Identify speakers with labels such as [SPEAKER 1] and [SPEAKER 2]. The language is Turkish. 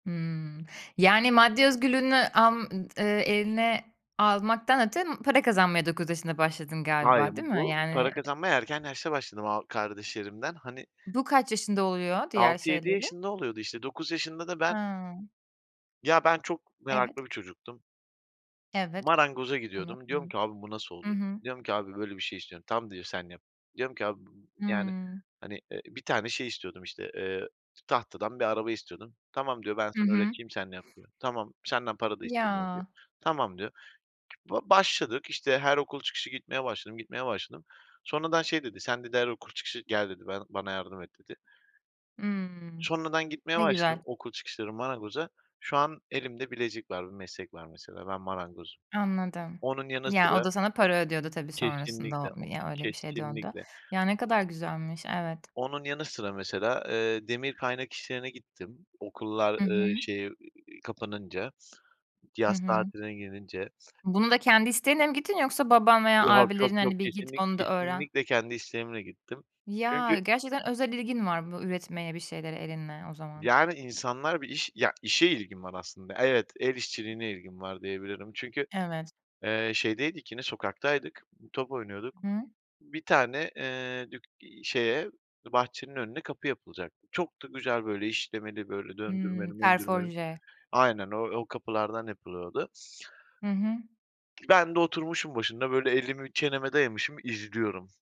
[SPEAKER 1] Hımm. Yani maddi özgürlüğünü alm ııı, eline almaktan öte para kazanmaya 9 yaşında başladın
[SPEAKER 2] Hayır
[SPEAKER 1] galiba değil mi
[SPEAKER 2] bu para
[SPEAKER 1] yani, eee?
[SPEAKER 2] kazanmaya erken yaşta başladım a kardeşlerimden. Hani
[SPEAKER 1] Bu kaç yaşında oluyor diğer
[SPEAKER 2] 6-7
[SPEAKER 1] şeyleri?
[SPEAKER 2] yaşında oluyordu işte 9 yaşında da ben
[SPEAKER 1] Hıı.
[SPEAKER 2] Ya ben çok
[SPEAKER 1] Evet.
[SPEAKER 2] meraklı bir çocuktum.
[SPEAKER 1] Evet
[SPEAKER 2] Marangoza
[SPEAKER 1] onu
[SPEAKER 2] gidiyordum. Diyorum
[SPEAKER 1] onu.
[SPEAKER 2] ki abi bu nasıl
[SPEAKER 1] Hı
[SPEAKER 2] oluyor?
[SPEAKER 1] hı.
[SPEAKER 2] Diyorum ki abi böyle bir şey istiyorum. Tamam diyor sen yap. Diyorum ki abi, yani,
[SPEAKER 1] Hıı.
[SPEAKER 2] hani. eee. bir tane şey istiyordum işte, eee, tahtadan bir araba istiyordum. Tamam diyor ben
[SPEAKER 1] Hı
[SPEAKER 2] sana
[SPEAKER 1] hı.
[SPEAKER 2] öğreteyim sen yap diyor. Tamam senden para da istemiyorum diyor.
[SPEAKER 1] Ya.
[SPEAKER 2] Tamam diyor Vallahi başladık işte her okul çıkışı gitmeye başladım, gitmeye başladım. Sonradan şey dedi sen dedi her okul çıkışı gel dedi ben bana yardım et dedi.
[SPEAKER 1] Hımm,
[SPEAKER 2] Sonra ben gitmeye
[SPEAKER 1] ne
[SPEAKER 2] başladım
[SPEAKER 1] güzel.
[SPEAKER 2] okul çıkışları marangoza. Şu an elimde bilezik var, bir meslek var mesela ben marangozum.
[SPEAKER 1] Anladım.
[SPEAKER 2] Onun yanı
[SPEAKER 1] Ya o
[SPEAKER 2] sıra
[SPEAKER 1] da sana para ödüyordu tabii sonrasında
[SPEAKER 2] Kesinlikle,
[SPEAKER 1] o
[SPEAKER 2] o
[SPEAKER 1] ya öyle bir şey döndü.
[SPEAKER 2] kesinlikle.
[SPEAKER 1] Ya ne kadar güzelmiş, evet.
[SPEAKER 2] Onun yanı sıra mesela, eee, demir kaynak işlerine gittim. Okullar,
[SPEAKER 1] Hı hı.
[SPEAKER 2] ııı, şeyi, eee, kapanınca.
[SPEAKER 1] Hı
[SPEAKER 2] Yaz
[SPEAKER 1] hı.
[SPEAKER 2] tatiline girince.
[SPEAKER 1] Bunu da kendi isteğinle mi gittin yoksa baban veya
[SPEAKER 2] Yok, yok,
[SPEAKER 1] abilerin
[SPEAKER 2] yok,
[SPEAKER 1] hani bir git
[SPEAKER 2] kesinlik
[SPEAKER 1] onu da öğren
[SPEAKER 2] kesinlikle kendi isteğimle gittim. Çünkü
[SPEAKER 1] Ya, gerçekten özel ilgin var bu üretmeye bir şeylere elinle o zaman.
[SPEAKER 2] Yani insanlar bir iş ya işe ilgim var aslında evet el işçiliğine ilgim var diyebilirim. Çünkü,
[SPEAKER 1] Evet.
[SPEAKER 2] eee, şeydeydik yine sokaktaydık, top oynuyorduk.
[SPEAKER 1] Hı.
[SPEAKER 2] Bir tane, eee, dük eee, şeye bahçenin önüne kapı yapılacaktı. Çok da güzel böyle işlemeli böyle
[SPEAKER 1] Hımm.
[SPEAKER 2] döndürmeli möndürmeli.
[SPEAKER 1] Ferforje.
[SPEAKER 2] Aynen o o kapılardan yapılıyordu.
[SPEAKER 1] Hı hı.
[SPEAKER 2] Ben de oturmuşum başında böyle elimi çeneme dayamışım izliyorum.